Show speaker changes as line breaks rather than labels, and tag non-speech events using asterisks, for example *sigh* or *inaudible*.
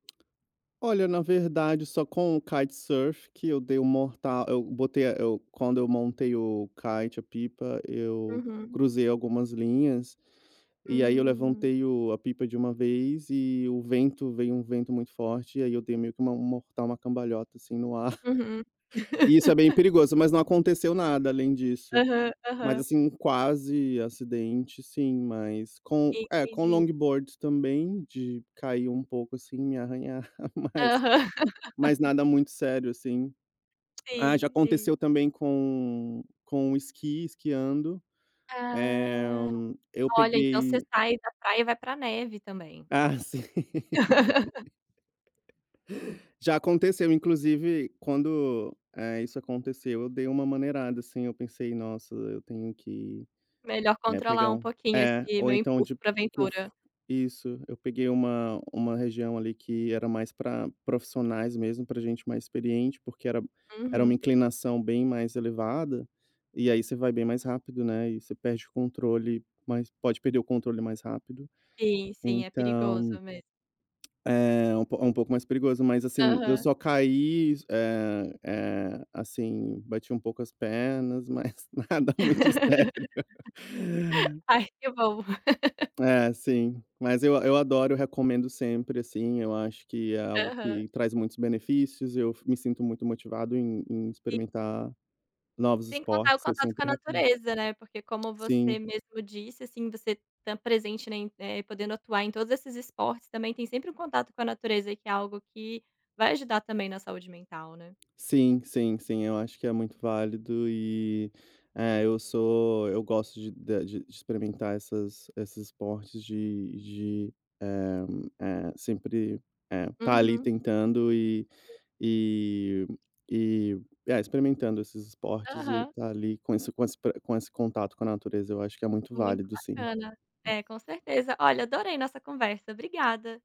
Olha, na verdade só com o kitesurf que eu dei o morta eu botei a eu quando eu montei o kite, a pipa, eu
Uhum.
cruzei algumas linhas e aí eu
Hum.
levantei o a pipa de uma vez e o vento veio um vento muito forte e aí eu dei meio que uma um mortal, uma cambalhota, assim, no ar.
Uhum.
*chuckles* E isso é bem
*laughs*
perigoso, mas não aconteceu nada além disso.
Aham,
Mas,
aham.
assim, um quase acidente sim, mas com, eh, com
Entendi.
longboards também de cair um pouco, assim, me arranhar, mas
Aham.
mas
*laughs*
nada muito sério, assim. Ah, já
Sim, sim.
aconteceu também com com o esqui, esquiando, eh,
Ah!
eu
Olha, então você
peguei
sai da praia e vai pra neve também?
Ah, sim.
*laughs*
*laughs* Já aconteceu, inclusive, quando, eh, isso aconteceu eu dei uma maneirada, assim, eu pensei: "Nossa, eu tenho que,
"Melhor
né,
controlar
pegar
um
um"
pouquinho
é.
esse
Ou
meu
então
impulso
de
pra
que eu f
aventura".
isso. Eu peguei uma uma região ali que era mais pra profissionais mesmo, pra gente mais experiente, porque era era uma
Uhum.
inclinação bem mais elevada, e aí você vai bem mais rápido, né, e você perde o controle mais pode perder o controle mais rápido,
Sim, sim, é perigoso
então,
mes
eh, é um po um pouco mais perigoso. Mas, assim, eu
Aham.
só caí, eh eh, assim, bati um pouco as pernas, mas nada muito sério.
*laughs* Ai, que bom. *laughs*
É, sim. Mas eu a eu adoro, recomendo sempre, assim. Eu acho que é algo
Aham.
que traz muitos benefícios, eu f me sinto muito motivado em em
E
experimentar novos
Sem contar o
esportes. Eu
contato com a
sempre recome
natureza, né. Porque como
sim.
você mesmo disse, assim, você tá presente na em, eh, podendo atuar em todos esses esportes, também tem sempre um contato com a natureza que é algo que vai ajudar também na saúde mental, né.
Sim, sim, sim. Eu acho que é muito válido e, eh, eu sou eu gosto de da de experimentar essas esses esportes de de, eh eh, sempre, eh, estar ali
Uhum.
tentando e e e, eh, experimentando esses esportes e
Aham.
estar ali com isso, com esse pro com esse contato com a natureza eu acho que é muito
Muito
válido sim.
bacana. É, com certeza. Olha, adorei nossa conversa, obrigada.